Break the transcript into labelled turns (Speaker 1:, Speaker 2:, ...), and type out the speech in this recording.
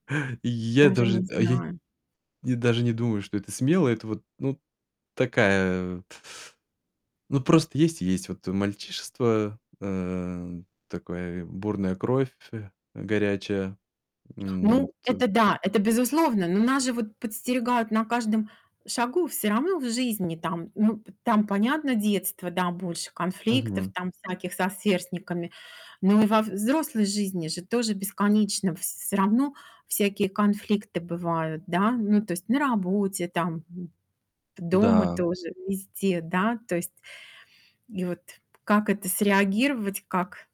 Speaker 1: Я
Speaker 2: Даже не
Speaker 1: даже, а, я
Speaker 2: знаю.
Speaker 1: и даже не думаю, что это смело. Это вот, ну, такая от ну просто есть и есть, вот, э, мальчишество, э, такое, бурная кровь фь горячая. М,
Speaker 2: Ну,
Speaker 1: вот.
Speaker 2: это да, это, безусловно, но нас же вот подстерегают на каждом шагу всё равно в жизни там Ну, п там понятно детство, да, больше конфликтов
Speaker 1: Мгм.
Speaker 2: там всяких со сверстниками, но и во взрослой жизни же тоже бесконечно вс всё равно всякие конфликты бывают, да? Ну, то есть на работе, там, дома
Speaker 1: Да.
Speaker 2: тоже- везде, да, то есть И вот как это среагировать, как?